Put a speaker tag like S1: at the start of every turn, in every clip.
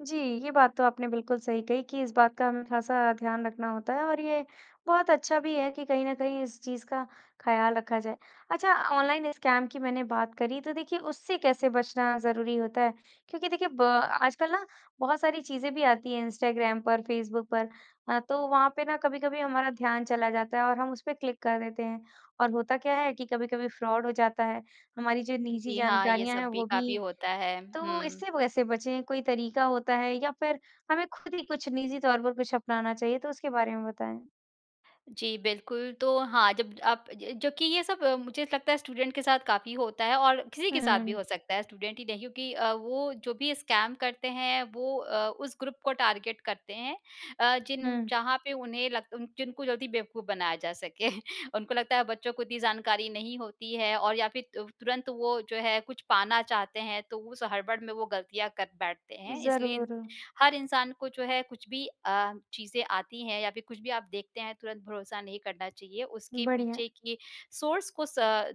S1: जी, ये बात तो आपने बिल्कुल सही कही कि इस बात का हमें ख़ासा ध्यान रखना होता है और ये बहुत अच्छा भी है कि कहीं न कहीं इस चीज़ का ख़्याल रखा जाए। अच्छा अ, ऑनलाइन स्कैम की मैंने बात करी तो देखिए उससे कैसे बचना ज़रूरी होता है? क्योंकि देखिए ब आजकल ना बहुत सारी चीज़ें भी आती है, इंस्टाग्राम पर फेसबुक पर अ, तो वहाँ पे ना कभी-कभी हमारा ध्यान चला जाता है और हम उस पे क्लिक कर देते हैं और होता क्या है कि कभी-कभी फ्रॉड हो जाता है, हमारी जो निजी
S2: जी हाँ, ये
S1: जानकारियाँ हैं
S2: सब भी
S1: वो भी
S2: काफ़ी होता है।
S1: तो
S2: हुँ।
S1: इससे वैसे बचें कोई तरीक़ा होता है या फिर हमें खुद ही कुछ निजी तौर पर कुछ अपनाना चाहिए? तो उसके बारे में बताएँ।
S2: जी, बिल्कुल। तो हाँ, जब आप ज जो कि ये सब अ, मुझे लगता है स्टूडेंट के साथ काफ़ी होता है और किसी के
S1: हुँ,
S2: साथ भी हो
S1: हुँ।
S2: सकता है स्टूडेंट ही नहीं, क्योंकि अ, वो जो भी स्कैम करते हैं वो अ, उस ग्रुप को टारगेट करते हैं अ, जिन
S1: हुँ।
S2: जहाँ पे उन्हें लग जिनको जल्दी बेवकूफ़ बनाया जा सके। उनको लगता है बच्चों को इतनी जानकारी नहीं होती है और या फिर अ, तुरंत वो जो है, कुछ पाना चाहते हैं, तो उस हड़बड़ में वो ग़लतियाँ कर बैठते हैं, इसलिए
S1: ज़रूर।
S2: हर इंसान को जो है कुछ भी अ, चीज़ें आती हैं या फिर कुछ भी आप देखते हैं तुरंत भरोसा नहीं करना चाहिए। उसके
S1: बढ़िया।
S2: पीछे के सोर्स को स अ,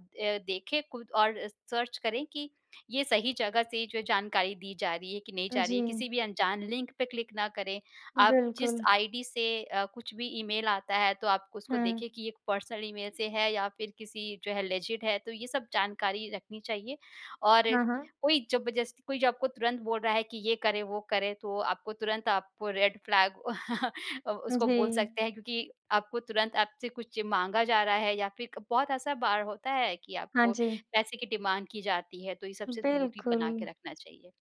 S2: देखें कुल और अ, सर्च करें कि ये सही जगह से जो जानकारी दी जा रही है, कि नहीं
S1: उ,
S2: जा रही है। किसी
S1: जी।
S2: भी अनजान लिंक पे क्लिक ना करें। आप जिस
S1: बिल्कुल।
S2: आईडी से अ, कुछ भी ईमेल आता है तो आप उसको देखें
S1: हुँ।
S2: कि ये पर्सनल ईमेल से है या फिर किसी जो है लेजिड है तो ये सब जानकारी रखनी चाहिए और
S1: हाँ, हाँ।
S2: कोई ज़बरदस्ती, कोई जो आपको तुरंत बोल रहा है, कि ये करें वो करें तो आपको तुरंत आप रेड फ्लैग अ,
S1: उ,
S2: उसको
S1: जी।
S2: बोल सकते हैं क्योंकि आपको तुरंत आपसे कुछ माँगा जा रहा है या फिर क बहुत ऐसा बार होता है कि
S1: हाँ
S2: आपको
S1: जी।
S2: पैसे की डिमांड की जाती है तो ये सबसे दूरी बना
S1: बिल्कुल।
S2: के रखना चाहिए।